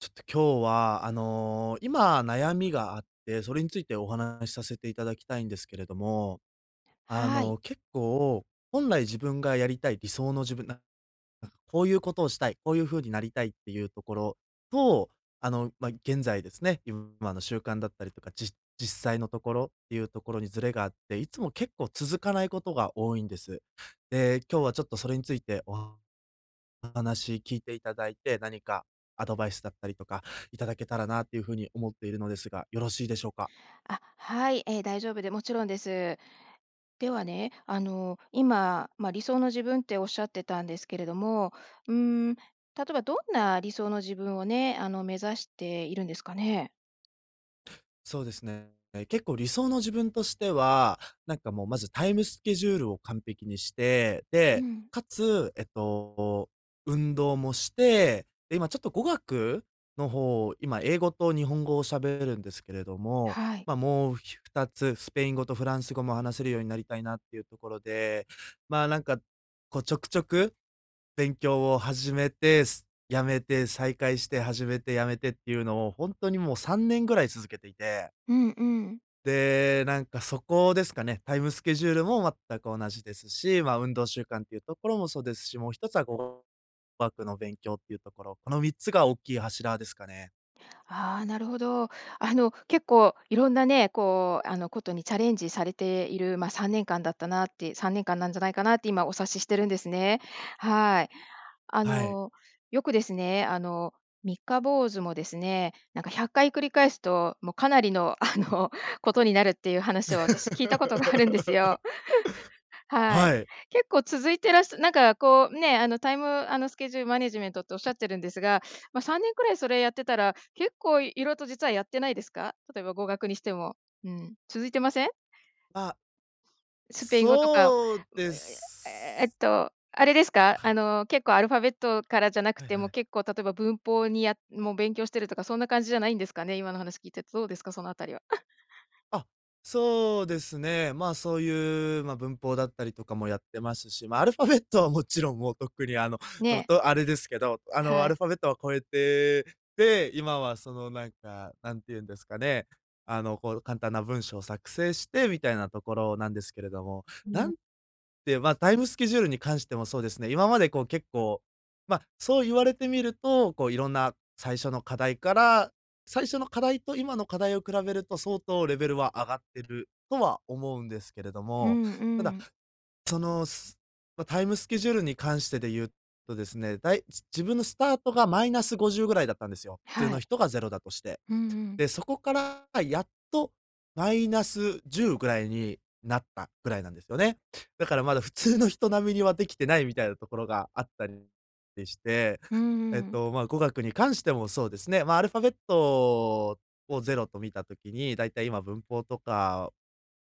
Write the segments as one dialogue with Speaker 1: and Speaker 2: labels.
Speaker 1: ちょっと今日は、あの、今悩みがあって、それについてお話しさせていただきたいんですけれども、あ
Speaker 2: はい。
Speaker 1: の、結構、本来自分がやりたい、理想の自分、ななんかこういうことをしたい、こういう風になりたいっていうところと、あの、ま、現在ですね、自分、あの、習慣だったりとか、じ実際のところっていうところにずれがあって、いつも結構続かないことが多いんです。で、今日はちょっとそれについておわお話聞いていただいて、何かアドバイスだったりとか、頂けたらなっていう風に思っているのですが、よろしいでしょうか？
Speaker 2: あ、はい、ええ、大丈夫でもちろんです。ではね、あの、今、ま、理想の自分っておっしゃってたんですけれども、うーん、例えばどんな理想の自分をね、あの、目指しているんですかね？
Speaker 1: そうですね。え、結構理想の自分としては、なんかもうまずタイムスケジュールを完璧にして、
Speaker 2: う
Speaker 1: で、
Speaker 2: ん。
Speaker 1: かつ、えっと、運動もして、で、今ちょっと語学の方、今英語と日本語をしゃべれるんですけれども、
Speaker 2: はい。
Speaker 1: ま、もうひ2つスペイン語とフランス語も話せるようになりたいなっていうところで、まあ、なんか、こうちょくちょく、勉強を始めて、す辞めて、再開して始めて辞めてっていうのを本当にもう3年ぐらい続けていて
Speaker 2: うんうん。
Speaker 1: で、なんかそこですかね、タイムスケジュールも全く同じですし、ま、運動習慣っていうところもそうですし、もう1つはこう、語学の勉強っていうところ。この3つが大きい柱ですかね。
Speaker 2: ああ、なるほど。あの結構色んなね、こう、あの、ことにチャレンジされている、まあ、3年間だったなって3年間なんじゃないかなって、今お察ししてるんですね。はい。あ
Speaker 1: はい。
Speaker 2: の、よくですね、あの、三日坊主もですね、なんか100回繰り返すともう、かなりの、あの、ことになるっていう話を私、聞いたことがあるんですよ。はい。
Speaker 1: はい。
Speaker 2: 結構続いてらっしゃなんかこうね、あの、タイムあの、スケジュールマネジメントっておっしゃってるんですが、まあ、3年くらいそれやってたら、結構色々と実はやってないですか？例えば語学にしても。うん、続いてません？
Speaker 1: あ。
Speaker 2: スペイン語とか。
Speaker 1: そうで
Speaker 2: ええええ
Speaker 1: す。
Speaker 2: っと、あれですか、
Speaker 1: は
Speaker 2: あ
Speaker 1: い。
Speaker 2: の、結構アルファベットからじゃなく
Speaker 1: はい
Speaker 2: て
Speaker 1: は
Speaker 2: も、
Speaker 1: い。
Speaker 2: こう例えば文法にやもう勉強してるとかそんな感じじゃないんですかね？今の話聞いてて、どうですか？そのあたりは。
Speaker 1: あ、そうですね。まあ、そういうま、文法だったりとかもやってますし、まあ、アルファベットはもちろん、もうとっくに、あの、と
Speaker 2: ね。
Speaker 1: と、あれですけど。あの、ア
Speaker 2: はい。
Speaker 1: ルファベットは超えて、で、今はその、なんか、なんて言うんですかね、あの、こう簡単な文章を作成して、みたいなところなんですけれども。
Speaker 2: う
Speaker 1: な
Speaker 2: ん。
Speaker 1: んで、ま、タイムスケジュールに関してもそうですね、今までこう結構ま、そう言われてみると、こういろんな最初の課題から最初の課題と今の課題を比べると相当レベルは上がってるとは思うんですけれど
Speaker 2: うん
Speaker 1: も。
Speaker 2: う
Speaker 1: ただ、
Speaker 2: ん。
Speaker 1: その、ま、タイムスケジュールに関してで言うとですね、だい自分のスタートが−50ぐらいだったんですよ、普通
Speaker 2: は
Speaker 1: の
Speaker 2: い。
Speaker 1: 人がゼロだとして。
Speaker 2: うんうん。
Speaker 1: で、そこからやっと−10ぐらいになったぐらいなんですよね。だからまだ普通の人並みにはできてないみたいなところがあったりりして。
Speaker 2: うー
Speaker 1: えっ
Speaker 2: ん。
Speaker 1: と、ま、語学に関してもそうですね。まあ、アルファベットをゼロと見た時に、だいたい今文法とか、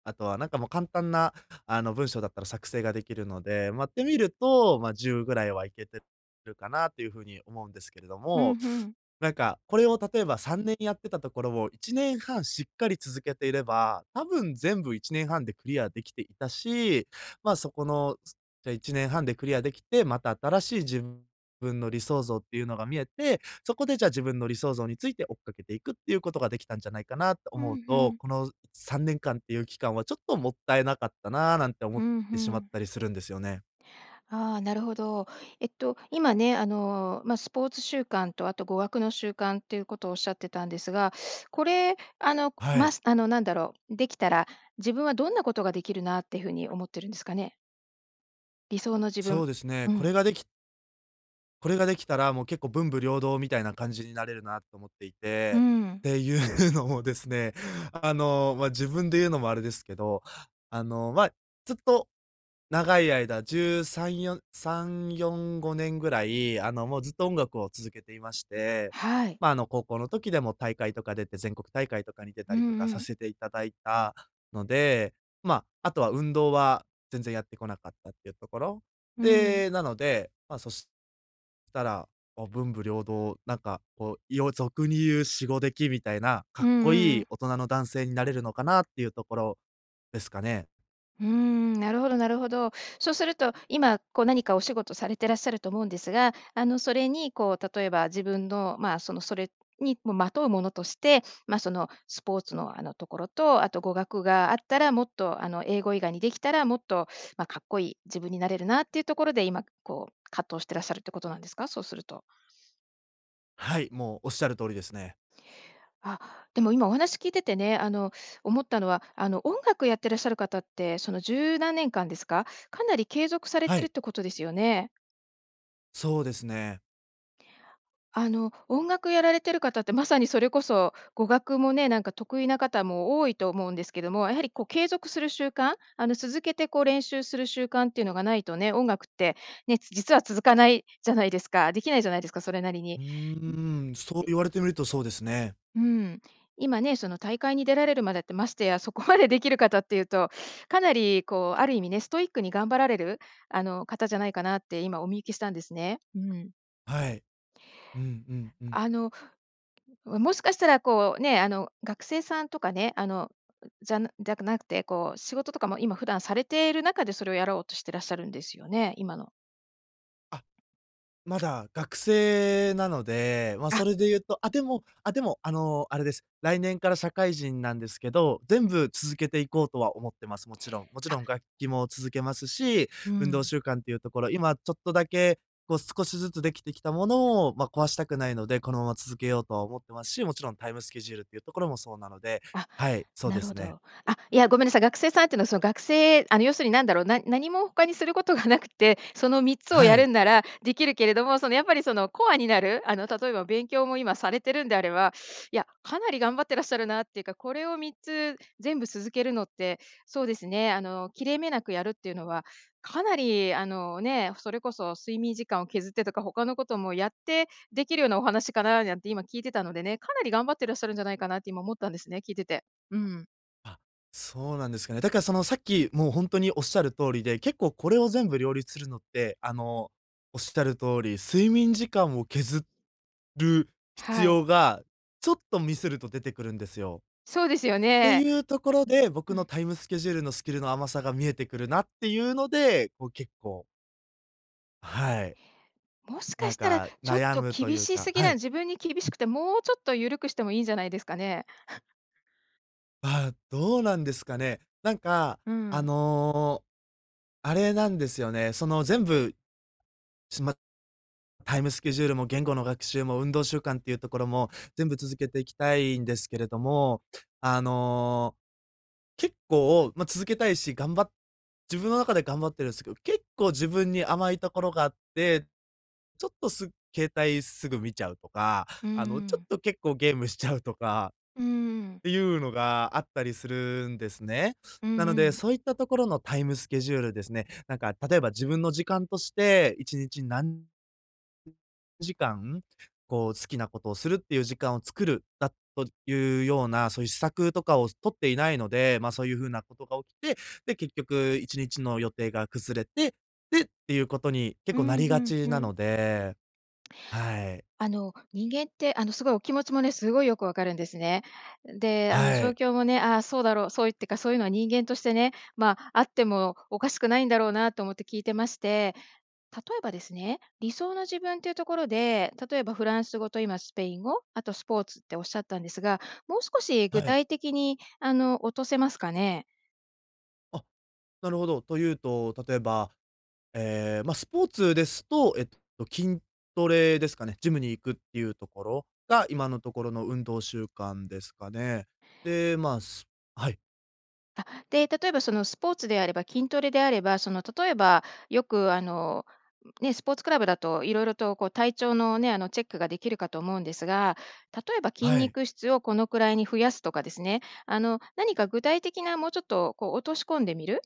Speaker 1: あとはなんかもう簡単なあの文章だったら作成ができるので、ま、てみると、まあ、10ぐらいはいけてるかなという風に思うんですけれど
Speaker 2: ふん
Speaker 1: も。
Speaker 2: ふん。
Speaker 1: なんか、これを例えば3年やってたところを、1年半しっかり続けていれば、多分全部1年半でクリアできていたし。ま、そこの、じゃ、1年半でクリアできて、また新しい自分の理想像っていうのが見えて、そこで、じゃあ、自分の理想像について追っかけていくっていうことができたんじゃないかなと
Speaker 2: ふ
Speaker 1: 思う
Speaker 2: んふ
Speaker 1: と
Speaker 2: ん。
Speaker 1: 「この3年間っていう期間はちょっともったいなかったな」なんて思
Speaker 2: う
Speaker 1: っ
Speaker 2: ん、ふ
Speaker 1: てしまっ
Speaker 2: ん。
Speaker 1: たりするんですよね。
Speaker 2: ああ、なるほど。えっと、今ね、あの、ま、スポーツ習慣とあと語学の習慣ということをおっしゃってたんですが、これ。あの、
Speaker 1: は
Speaker 2: ま
Speaker 1: い。
Speaker 2: すなんだろう、できたら自分はどんなことができるなっていう風に思ってるんですかね？理想の自
Speaker 1: そ
Speaker 2: 分。
Speaker 1: うですね、
Speaker 2: う
Speaker 1: これ
Speaker 2: ん。
Speaker 1: ができこれができたら、もう結構文武両道みたいな感じになれるなと思ってい
Speaker 2: うー
Speaker 1: て。っ
Speaker 2: ん。
Speaker 1: ていうのもですね、あの、まあ自分で言うのもあれですけど、あの、まあ、ずっと、長い間13、4、3、4、5年ぐらい、あの、もうずっと音楽を続けていまして。
Speaker 2: はい。
Speaker 1: まあ、あの、高校の時でも大会とか出て、全国大会とかに出た
Speaker 2: うん
Speaker 1: りとか
Speaker 2: う
Speaker 1: さ
Speaker 2: ん。
Speaker 1: せていただいたので、まあ、あとは運動は全然やってこなかったっていうところ。
Speaker 2: うん。
Speaker 1: で、なので、まあ、そしたら、もう文武両道、なんか、こう、よ俗に言うシゴデキみたいな、かっ
Speaker 2: うんう
Speaker 1: こ
Speaker 2: んう
Speaker 1: いい
Speaker 2: ん。
Speaker 1: 大人の男性になれるのかなっていうところですかね。
Speaker 2: うーん、なるほどなるほど。そうすると、今こう何かお仕事されてらっしゃると思うんですが、あの、それにこう例えば自分のまあ、そのそれに、もまとうものとして、ま、そのスポーツの、あの、ところと、あと語学があったらもっと、あの、英語以外にできたらもっと、まあ、かっこいい自分になれるなっていうところで、今こう葛藤してらっしゃるってことなんですか？そうすると。
Speaker 1: はい、もうおっしゃる通りですね。
Speaker 2: あ、でも今お話聞いててね、あの思ったのは、あの音楽やってらっしゃる方ってその十何年間ですか？かなり継続され
Speaker 1: は
Speaker 2: てるっ
Speaker 1: い。
Speaker 2: てことですよね？
Speaker 1: そうですね。
Speaker 2: あの、音楽やられてる方ってまさにそれこそ、語学もね、なんか得意な方も多いと思うんですけども、やはりこう継続する習慣、あの、続けてこう練習する習慣っていうのがないとね、音楽って、ね、実は続かないじゃないですか。できないじゃないですか、それなりに。ん
Speaker 1: うーん、そう
Speaker 2: で
Speaker 1: 言われてみるとそうですね。
Speaker 2: うん、今ね、その大会に出られるまでってましてやそこまでできる方っていうとかなりこうある意味ね、ストイックに頑張られる、あの、方じゃないかなって今お見受けしたんですね、うん。
Speaker 1: はい。うんうんうん。
Speaker 2: あの、もしかしたらこうね、あの、学生さんとかね、あの、んじゃじゃなくてこう仕事とかも今普段されている中でそれをやろうとしてらっしゃるんですよね？今の
Speaker 1: あ、まだ学生なので、ま、
Speaker 2: あ。
Speaker 1: それで言うと、あ、でも、あ、でも、あの、あれです。来年から社会人なんですけど、全部続けていこうとは思ってます、もちろん。もちろん
Speaker 2: あ。
Speaker 1: 楽器も続けますし、
Speaker 2: う
Speaker 1: 運動
Speaker 2: ん。
Speaker 1: 習慣っていうところ、今ちょっとだけ、こう少しずつできてきたものを、まあ、壊したくないので、このまま続けようとは思ってますし、もちろんタイムスケジュールっていうところもそうなので、
Speaker 2: あ、
Speaker 1: はい、そう
Speaker 2: な
Speaker 1: で
Speaker 2: る
Speaker 1: す
Speaker 2: ほ
Speaker 1: ね。
Speaker 2: ど。あ、いや、ごめんなさい。学生さんってのは、その、学生あの要するに何だろう、な何も他にすることがなくて、その3つを
Speaker 1: は
Speaker 2: やる
Speaker 1: い。
Speaker 2: んならできるけれども、そのやっぱりそのコアになる、あの例えば勉強も今されてるんであれば、いや、かなり頑張ってらっしゃるなっていうか、これを3つ全部続けるのって、そうですね、あの、切れ目なくやるっていうのは、かなり、あの、ね、それこそ睡眠時間を削ってとか、他のこともやってできるようなお話かななんて今聞いてたのでね、かなり頑張ってらっしゃるんじゃないかなって、今思ったんですね、聞いてて。うん。
Speaker 1: あ、そうなんですかね。だからその、さっきもう、ほんとに、おっしゃる通りで、結構これを全部両立するのって、あの、おっしゃる通り、睡眠時間を削る必
Speaker 2: はい。
Speaker 1: 要が、ちょっとミスると出てくるんですよ。
Speaker 2: そうですよ
Speaker 1: て
Speaker 2: ね。
Speaker 1: いうところで、
Speaker 2: う
Speaker 1: 僕の
Speaker 2: ん。
Speaker 1: タイムスケジュールの、スキルの甘さが見えてくるなっていうので、こう、結構はい。
Speaker 2: もしか
Speaker 1: なん
Speaker 2: したら、
Speaker 1: か、
Speaker 2: ちょっ
Speaker 1: 悩
Speaker 2: と
Speaker 1: むとい
Speaker 2: 厳
Speaker 1: う
Speaker 2: しす
Speaker 1: か
Speaker 2: ぎ
Speaker 1: は
Speaker 2: な
Speaker 1: い。
Speaker 2: 自分に厳しくて、もうちょっと、ゆるくしてもいいんじゃないですかね。
Speaker 1: あ、どうなんですかね。なんか、
Speaker 2: う
Speaker 1: あ
Speaker 2: ん。
Speaker 1: の、あれなんですよね、その、全部、しまタイムスケジュールも、言語の学習も、運動習慣っていうところも全部続けていきたいんですけれども。あの、結構、ま、続けたいし、がんば自分の中で頑張ってるんすけど、結構、自分に甘いところがあって、ちょっとす携帯すぐ見ちゃうとか、
Speaker 2: う
Speaker 1: あの、ちょっ
Speaker 2: ん。
Speaker 1: と結構、ゲームしちゃうとか
Speaker 2: うん。
Speaker 1: っていうのがあったりするんですね。
Speaker 2: うん
Speaker 1: なの
Speaker 2: う
Speaker 1: で、
Speaker 2: ん。
Speaker 1: そういったところのタイムスケジュールですね、なんか、例えば自分の時間として、1日何時間、こう、好きなことをするっていう時間を作るだというような、そういう施策とかを取っていないので、ま、そういう風なことが起きて、で、結局1日の予定が崩れて、でっていうことに結
Speaker 2: う
Speaker 1: 構な
Speaker 2: ん、
Speaker 1: り
Speaker 2: ふ
Speaker 1: が
Speaker 2: ん
Speaker 1: ち
Speaker 2: ふ
Speaker 1: な
Speaker 2: ん。
Speaker 1: ので、はい。
Speaker 2: あの、人間ってあのすごいお気持ちもね、すごいよくわかるんですね。で、あの
Speaker 1: は
Speaker 2: 状
Speaker 1: い。
Speaker 2: 況もね、あ、そうだろう、そういうってか、そういうのは人間としてね、まあ、あってもおかしくないんだろうなと思って聞いてまして。例えばですね、理想の自分というところで、例えばフランス語と今スペイン語、あとスポーツっておっしゃったんですが、もう少し具
Speaker 1: はい。
Speaker 2: 体的に、あの、落とせますかね？
Speaker 1: あ、なるほど、というと、例えば、ええ、まあ、スポーツですと、えっと、筋トレですかね、ジムに行くっていうところが、今のところの運動習慣ですかね。で、まあ、すはい。
Speaker 2: あ、で、例えばそのスポーツであれば筋トレであれば、その例えばよくあの、んね、スポーツクラブだと色々とこう体調のね、あのチェックができるかと思うんですが、例えば筋
Speaker 1: はい。
Speaker 2: 肉質をこのくらいに増やすとかですね、あの何か具体的なもうちょっとこう落とし込んでみる。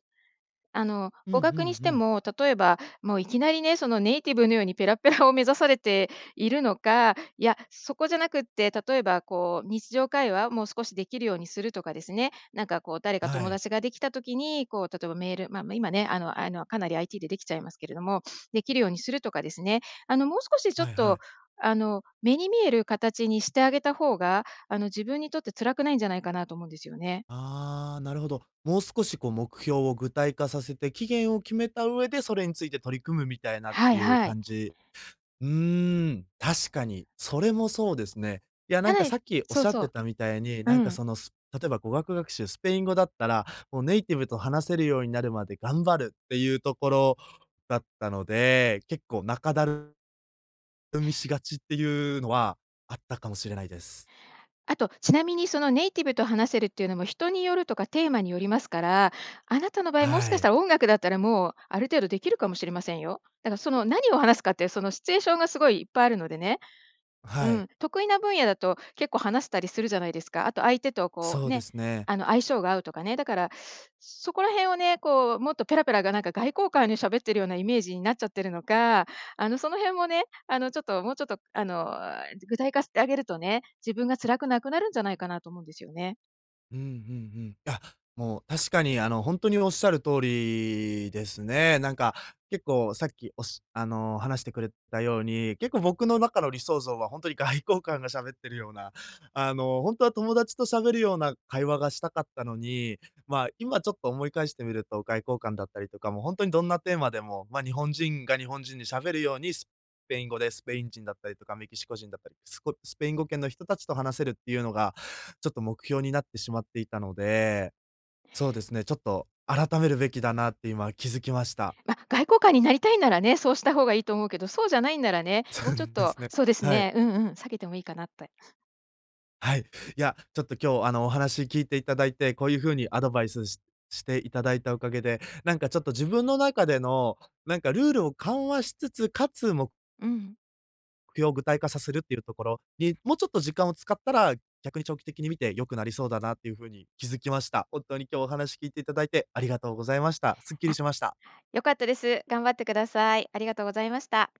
Speaker 2: あの
Speaker 1: うんうん
Speaker 2: 語学にし
Speaker 1: う
Speaker 2: て
Speaker 1: ん。
Speaker 2: も、例えば、もういきなりね、そのネイティブのようにペラペラを目指されているのか、いや、そこじゃなくって、例えばこう日常会話もう少しできるようにするとかですね、なんかこう誰か
Speaker 1: は
Speaker 2: 友
Speaker 1: い。
Speaker 2: 達ができた時に、こう例えばメール、ま今ね、あのあのかなり IT でできちゃいますけれども、できるようにするとかですね、あのもう少しちょっ
Speaker 1: はいは
Speaker 2: と
Speaker 1: い。
Speaker 2: あの、目に見える形にしてあげた方が、あの自分にとって辛くないんじゃないかなと思うんですよね。
Speaker 1: ああ、なるほど。もう少しこう目標を具体化させて、期限を決めた上で、それについて取り組むみたいなっ
Speaker 2: は
Speaker 1: て
Speaker 2: い
Speaker 1: いう
Speaker 2: はい。
Speaker 1: 感じ。うーん、確かに。それもそうですね。いや、な
Speaker 2: や
Speaker 1: んか
Speaker 2: な
Speaker 1: さ
Speaker 2: い
Speaker 1: っきおっ
Speaker 2: そ
Speaker 1: し
Speaker 2: う
Speaker 1: ゃって
Speaker 2: そ
Speaker 1: たみたいに、
Speaker 2: う う
Speaker 1: なんか
Speaker 2: ん。
Speaker 1: その、す例えば語学学習、スペイン語だっ たら、もうネイティブと話せるようになるまで頑張るっていうところだったので、結構仲だるみしがちっていうのはあったかもしれないです。
Speaker 2: あとちなみにそのネイティブと話せるっていうのも人によるとかテーマによりますから、あなたの場合もし
Speaker 1: は
Speaker 2: かした
Speaker 1: い。
Speaker 2: ら音楽だったらもうある程度できるかもしれませんよ。だからその何を話すかってそのシチュエーションがすごいいっぱいあるのでね。
Speaker 1: は
Speaker 2: う
Speaker 1: い。
Speaker 2: ん、得意な分野だと結構話せたりするじゃないですか。あと相手とこ
Speaker 1: そ
Speaker 2: う
Speaker 1: うで
Speaker 2: ね、
Speaker 1: すね。
Speaker 2: あの相性が合うとかね。だから そこら辺をね、こうもっとペラペラがなんか外交官に喋ってるようなイメージになっちゃってるのか、あのその辺もね、あの、ちょっともうちょっとあのえ、具体化してあげるとね、自分が辛くなくなるんじゃないかなと思うんですよね。
Speaker 1: うんうんうん。いや、もう確かにあの、本当に仰る通りですね。なんか、結構さっきおしあの、話してくれたように。結構、僕の中の理想像は、本当に外交官が喋ってるような、あの、本当は友達と喋るような会話がしたかったのに、まあ、今ちょっと思い返してみると、外交官だったりとか、もう本当にどんなテーマでも、まあ、日本人が日本人に喋るように、スペイン語でスペイン人だったりとか、メキシコ人だったり、すこスペイン語圏の人たちと話せるっていうのが、ちょっと目標になってしまっていたので。そうですね、ちょっと改めるべきだなって今気づきました。
Speaker 2: ま、外交官になりたいならね。そうした方がいいと思うけど。そうじゃないんならね、
Speaker 1: そ
Speaker 2: もう
Speaker 1: う
Speaker 2: ちょっ
Speaker 1: で
Speaker 2: と
Speaker 1: すね。
Speaker 2: そうです
Speaker 1: はい。
Speaker 2: ね、うんうん。避けてもいいかな、って。
Speaker 1: はい。いや、ちょっと今日、あの、お話聞いていただいて。こういう風にアドバイスししていただいたおかげで、なんかちょっと自分の中での、なんかルールを緩和しつつ、かつ、も
Speaker 2: うん。
Speaker 1: く標を具体化させるっていうところに、もうちょっと時間を使ったら、逆に長期的に見て良くなりそうだなっていう風に気づきました。本当に今日お話聞いていただいて、ありがとうございました。すっきり
Speaker 2: あ。
Speaker 1: しました。
Speaker 2: 良かったです。頑張ってください。ありがとうございました。